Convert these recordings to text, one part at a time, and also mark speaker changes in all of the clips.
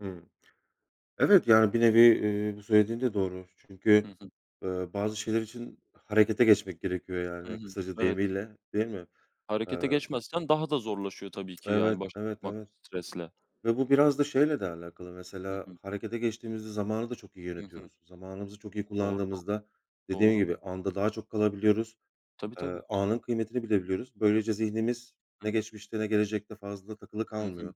Speaker 1: Hımm. Evet yani bir nevi, eee, bu söylediğin de doğru. Çünkü,
Speaker 2: Hı hı.
Speaker 1: eee, bazı şeyler için harekete geçmek gerekiyor
Speaker 2: Hı
Speaker 1: yani
Speaker 2: hı.
Speaker 1: kısaca
Speaker 2: Evet.
Speaker 1: deyimiyle, değil mi? Eee
Speaker 2: Harekete geçmezsen daha da zorlaşıyor, tabii ki
Speaker 1: Evet,
Speaker 2: yani başa
Speaker 1: evet,
Speaker 2: çıkmak
Speaker 1: evet,
Speaker 2: bu stresle.
Speaker 1: ve bu biraz da şeyle de alakalı
Speaker 2: Hı
Speaker 1: mesela
Speaker 2: hı.
Speaker 1: harekete geçtiğimizde zamanı da çok iyi
Speaker 2: Hı hı.
Speaker 1: yönetiyoruz. Zamanımızı çok iyi
Speaker 2: Doğru doğru.
Speaker 1: kullandığımızda, dediğim
Speaker 2: Doğru.
Speaker 1: gibi anda daha çok kalabiliyoruz.
Speaker 2: Tabii tabii.
Speaker 1: Eee, anın kıymetini bilebiliyoruz. Böylece zihnimiz, ne
Speaker 2: Hı.
Speaker 1: geçmişte ne gelecekte fazla takılı
Speaker 2: Hı hı.
Speaker 1: kalmıyor.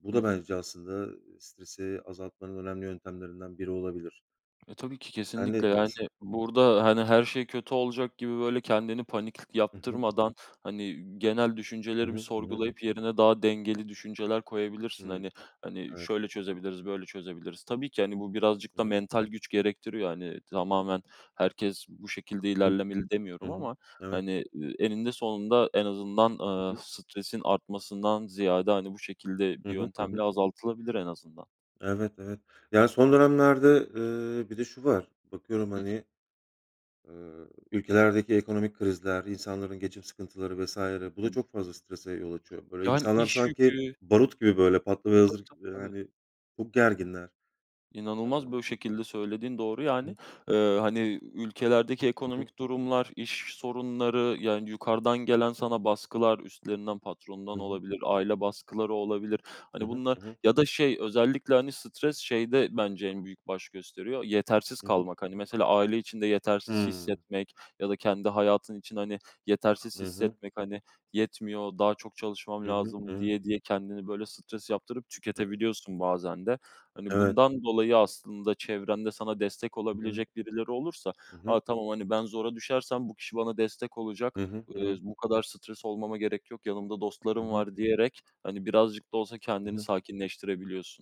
Speaker 1: Bu
Speaker 2: Hı
Speaker 1: da
Speaker 2: hı.
Speaker 1: bence aslında, ııı, stresi azaltmanın önemli yöntemlerinden biri olabilir.
Speaker 2: E, tabii ki
Speaker 1: Sen ne
Speaker 2: kesinlikle yani
Speaker 1: diyorsun?
Speaker 2: burada, hani, her şey kötü olacak gibi böyle kendini panik
Speaker 1: Hı hı.
Speaker 2: yaptırmadan, hani, genel
Speaker 1: I
Speaker 2: düşünceleri bir
Speaker 1: hı. Hı hı.
Speaker 2: sorgulayıp yerine daha dengeli düşünceler koyabilirsin.
Speaker 1: Hımm.
Speaker 2: Hani, hani,
Speaker 1: Evet.
Speaker 2: şöyle çözebiliriz, böyle çözebiliriz. Tabii ki, hani, bu birazcık
Speaker 1: I
Speaker 2: da
Speaker 1: hı.
Speaker 2: mental güç gerektiriyor. Hani,
Speaker 1: I hı.
Speaker 2: tamamen herkes bu şekilde
Speaker 1: I
Speaker 2: ilerlemeli demiyorum
Speaker 1: hı.
Speaker 2: ama,
Speaker 1: Evet.
Speaker 2: hani, eee, eninde sonunda en azından,
Speaker 1: I
Speaker 2: eee,
Speaker 1: hı.
Speaker 2: stresin artmasından ziyade, hani, bu şekilde
Speaker 1: Hı
Speaker 2: bir
Speaker 1: hı. Hı hı.
Speaker 2: yöntemle azaltılabilir en azından.
Speaker 1: Evet. Evet. Ya son dönemlerde, ııı, bir de şu var. Bakıyorum,
Speaker 2: Hı hı.
Speaker 1: hani, ııı, ülkelerdeki ekonomik krizler, insanların geçim sıkıntıları vs. bu
Speaker 2: I
Speaker 1: da
Speaker 2: hı.
Speaker 1: çok fazla strese yol açıyor. Böyle
Speaker 2: Yani
Speaker 1: insanlar
Speaker 2: iş
Speaker 1: sanki,
Speaker 2: yükü
Speaker 1: barut gibi böyle patlamaya
Speaker 2: Tabii
Speaker 1: hazır gi
Speaker 2: tabii tabii.
Speaker 1: yani çok gerginler. Emm
Speaker 2: İnanılmaz bu şekilde söylediğin doğru
Speaker 1: Hı
Speaker 2: yani.
Speaker 1: hı.
Speaker 2: Eee, hani, ülkelerdeki
Speaker 1: Hı hı.
Speaker 2: ekonomik durumlar, iş sorunları, yani yukarıdan gelen sana baskılar, üstlerinden
Speaker 1: Hı
Speaker 2: patronundan
Speaker 1: hı.
Speaker 2: olabilir, aile baskıları olabilir.
Speaker 1: Hı
Speaker 2: Hani,
Speaker 1: hı.
Speaker 2: bunlar
Speaker 1: Hı hı.
Speaker 2: ya da şey özellikle, hani, stres şeyde bence en büyük baş gösteriyor. Yetersiz
Speaker 1: Hı hı.
Speaker 2: kalmak, hani, mesela aile içinde yetersiz
Speaker 1: Hımm.
Speaker 2: hissetmek ya da kendi hayatın için, hani, yetersiz
Speaker 1: Hı hı.
Speaker 2: hissetmek, hani, yetmiyor, daha çok çalışmam
Speaker 1: Hı hı. I
Speaker 2: lazım
Speaker 1: hı.
Speaker 2: diye diye kendini böyle stres yaptırıp tüketebiliyorsun bazen de. Hani,
Speaker 1: Evet.
Speaker 2: bundan dolayı aslında çevrende sana destek
Speaker 1: I hı.
Speaker 2: olabilecek birileri olursa,
Speaker 1: Hı hı.
Speaker 2: aaa, tamam, hani, ben zora düşersem bu kişi bana destek olacak.
Speaker 1: Hı hı. Hı
Speaker 2: Eee,
Speaker 1: hı.
Speaker 2: bu kadar stres olmama gerek yok, yanımda
Speaker 1: I
Speaker 2: dostlarım
Speaker 1: hı.
Speaker 2: var diyerek, hani, birazcık da olsa
Speaker 1: I
Speaker 2: kendini
Speaker 1: hı.
Speaker 2: sakinleştirebiliyorsun.